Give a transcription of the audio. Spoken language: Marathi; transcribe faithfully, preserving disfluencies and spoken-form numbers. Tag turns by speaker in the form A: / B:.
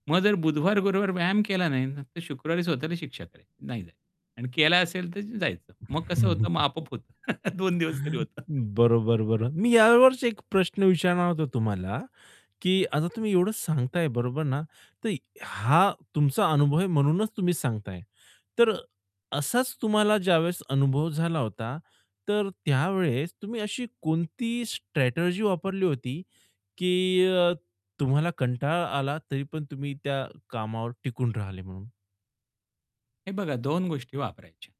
A: मग जर बुधवार, गुरुवार व्यायाम केला नाही ना, तर शुक्रवारी स्वतःला शिक्षा करायची. नाही जायचं आणि केला असेल तर जायचं. मग कसं होतं, मग आपोआप होतं. दोन दिवस तरी होतं.
B: बरोबर, बरोबर, मी यावरच एक प्रश्न विचारणार होतो तुम्हाला, की आता तुम्ही एवढंच सांगताये बरोबर ना? तर हा तुमचा अनुभव आहे म्हणूनच तुम्ही सांगताये. तर अ, असाच तुम्हाला ज्यावेळेस अनुभव झाला होता, तर त्यावेळेस तुम्ही अशी कोणती स्ट्रॅटेजी वापरली होती, की अ, तुम्हाला कंटाळा आला, तरी पण तुम्ही त्या कामावर टिकून राहिले म्हणून?
A: हे बघा, दोन गोष्टी वापरायच्या